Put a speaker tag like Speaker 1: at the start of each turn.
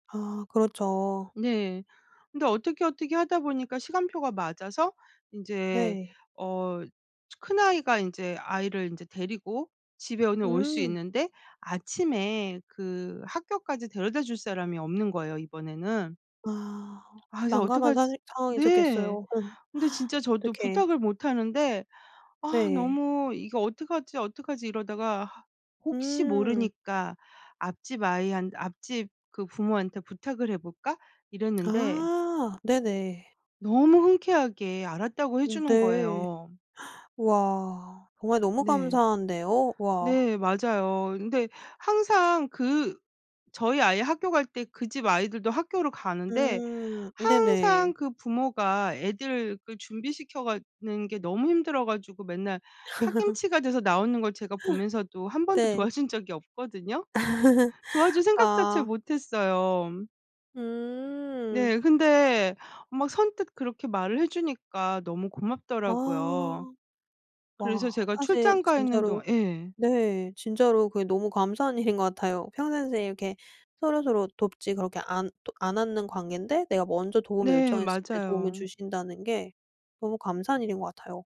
Speaker 1: 아 그렇죠.
Speaker 2: 네. 근데 어떻게, 어떻게 하다 보니까 시간표가 맞아서 인제
Speaker 1: 네.
Speaker 2: 어 큰아이가 인제 아이를 인제 데리고 집에 오는 올 수
Speaker 1: 음.
Speaker 2: 있는데 아침에 그 학교까지 데려다줄 사람이 없는 거예요 이번에는.
Speaker 1: 아.
Speaker 2: 아 그래서
Speaker 1: 난감한
Speaker 2: '어떡하지'
Speaker 1: 사실 상황이셨겠어요.
Speaker 2: 네.
Speaker 1: 어.
Speaker 2: 근데 진짜 저도
Speaker 1: 어떡해.
Speaker 2: 부탁을 못하는데 아
Speaker 1: 네.
Speaker 2: 너무 '이거 어떡하지, 어떡하지?' 이러다가 '아 혹시
Speaker 1: 음.
Speaker 2: 모르니까 앞집 아이 한 앞집 그 부모한테 부탁을 해 볼까?' 이랬는데
Speaker 1: 아 네네.
Speaker 2: 너무 흔쾌하게 알았다고 해
Speaker 1: 음
Speaker 2: 주는
Speaker 1: 네.
Speaker 2: 거예요.
Speaker 1: 와. 정말 너무
Speaker 2: 네.
Speaker 1: 감사한데요. 와.
Speaker 2: 네. 맞아요. 근데 항상 그 저희 아이 학교 갈 때 그 집 아이들도 학교를 가는데
Speaker 1: 음.
Speaker 2: 항상
Speaker 1: 네네.
Speaker 2: 그 부모가 애들 그 준비시켜 가는 게 너무 힘들어 가지고 맨날 파김치가 돼서 나오는 걸 제가 보면서도 1 번도
Speaker 1: 네.
Speaker 2: 도와준 적이 없거든요. 도와줄 생각 자체를
Speaker 1: 아.
Speaker 2: 못 했어요.
Speaker 1: 음.
Speaker 2: 네. 근데 막 선뜻 그렇게 말을 해 주니까 너무 고맙더라고요.
Speaker 1: 아.
Speaker 2: 그래서
Speaker 1: 와.
Speaker 2: 제가
Speaker 1: 사실
Speaker 2: 출장 가 있는
Speaker 1: 진짜로
Speaker 2: 동안 예.
Speaker 1: 네 진짜로 그게 너무 감사한 일인 것 같아요. 평상시에 이렇게 서로서로 돕지 그렇게 안 또 안 하는 관곈데 내가 먼저 도움을
Speaker 2: 네.
Speaker 1: 요청했을 때 도움을
Speaker 2: 맞아요.
Speaker 1: 주신다는 게 너무 감사한 일인 것 같아요.